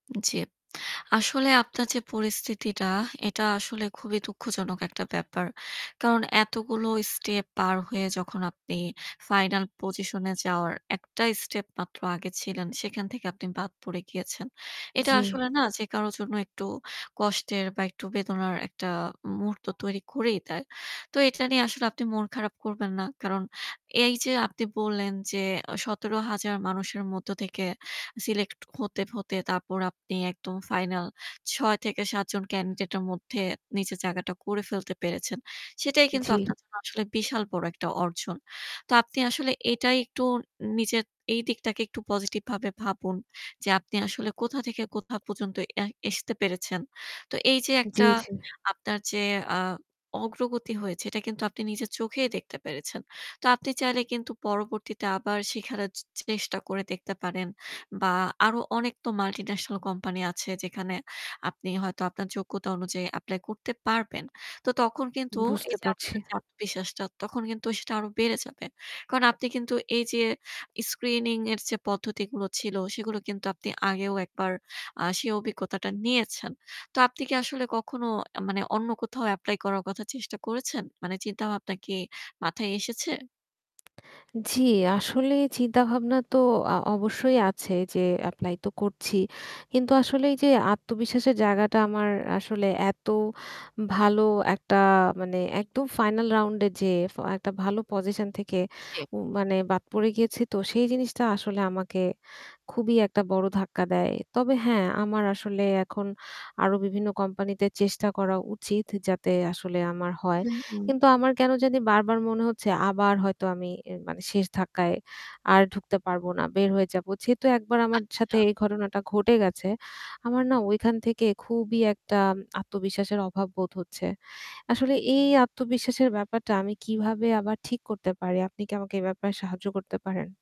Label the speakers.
Speaker 1: জ্বী। আসলে আপনার যে পরিস্থিতিটা এটা আসলে খুবই দুঃখজনক একটা ব্যাপার। কারণ এতগুলো স্টেপ পার হয়ে যখন আপনি ফাইনাল পজিশন এ যাওয়ার একটাই স্টেপ মাত্র আগে ছিলেন সেখান থেকে আপনি বাদ পড়ে গিয়েছেন। এটা
Speaker 2: জি।
Speaker 1: আসলে না যে কারো জন্য একটু কষ্টের বা একটু বেদনার একটা মুহূর্ত তৈরি করেই দেয়। তো এটা নিয়ে আসলে আপনি মন খারাপ করবেন না। কারণ এইযে আপনি বললেন যে এ ১৭,০০০ মানুষের মধ্যে থেকে সিলেক্ট হতে, হতে তারপর আপনি একদম ফাইনাল ৬ থেকে ৭ জন ক্যান্ডিডেট এর মধ্যে নিজের জায়গাটা করে ফেলতে পেরেছেন। সেটাই কিন্তু
Speaker 2: জি।
Speaker 1: আপনার জন্য আসলে বিশাল বড় একটা অর্জন। তো আপনি আসলে এটাই একটু নিজের এই দিকটাকে একটু পজিটিভ ভাবে ভাবুন, যে আপনি আসলে কোথা থেকে কোথা পর্যন্ত এ এসতে পেরেছেন। তো এইযে
Speaker 2: জ্বি,
Speaker 1: একটা
Speaker 2: জ্বি।
Speaker 1: আপনার যে আ অগ্রগতি হয়েছে এটা কিন্তু আপনি নিজের চোখেই দেখতে পেরেছেন। তো আপনি চাইলে কিন্তু পরবর্তীতে আবার শিখানোর চ চেষ্টা করে দেখতে পারেন। বা আরো অনেক তো মাল্টিন্যাশনাল কোম্পানি আছে যেখানে আপনি হয়তো আপনার যোগ্যতা অনুযায়ী এপ্লাই করতে পারবেন। তো তখন কিন্তু তো
Speaker 2: বুঝতে
Speaker 1: এইযে
Speaker 2: পারছি।
Speaker 1: আপনার যে আত্মবিশ্বাসটা তখন কিন্তু সেটা আরো বেড়ে যাবে। কারণ আপনি কিন্তু এই যে স্ক্রিনিং এর যে পদ্ধতিগুলো ছিল সেগুলো কিন্তু আপনি আগেও একবার আ সেই অভিজ্ঞতাটা নিয়েছেন। তো আপনি কি আসলে কখনো আ মানে অন্য কোথাও এপ্লাই করার চেষ্টা করেছেন? মানে চিন্তাভাবনা কি মাথায় এসেছে?
Speaker 2: জি, আসলে চিন্তাভাবনা তো আ অবশ্যই আছে যে এপ্লাই তো করছি। কিন্তু আসলে এইযে আত্মবিশ্বাসের জায়গাটা আমার আসলে এত ভালো একটা মানে একদম ফাইনাল রাউন্ডে যে ফ একটা ভালো পজিশন থেকে
Speaker 1: জী।
Speaker 2: উ মানে বাদ পড়ে গিয়েছি তো সেই জিনিসটা আসলে আমাকে খুবই একটা বড় ধাক্কা দেয়। তবে হ্যাঁ আমার আসলে এখন আরো বিভিন্ন কোম্পানিতে চেষ্টা করা উচিত, যাতে আসলে আমার হয়।
Speaker 1: হু, হু।
Speaker 2: কিন্তু আমার কেনো জানি বারবার মনে হচ্ছে, আবার হয়তো আমি এ মানে শেষ ধাক্কায় আর ঢুকতে পারবো না বের হয়ে যাবো। যেহেতু একবার আমার সাথে
Speaker 1: আচ্ছা।
Speaker 2: এই ঘটনাটা ঘটে গেছে আমার না ওইখান থেকে খুবই একটা আত্মবিশ্বাসের অভাব বোধ হচ্ছে। আসলে এই আত্মবিশ্বাসের ব্যাপারটা আমি কীভাবে আবার ঠিক করতে পারি? আপনি কি আমাকে এ ব্যাপারে সাহায্য করতে পারেন?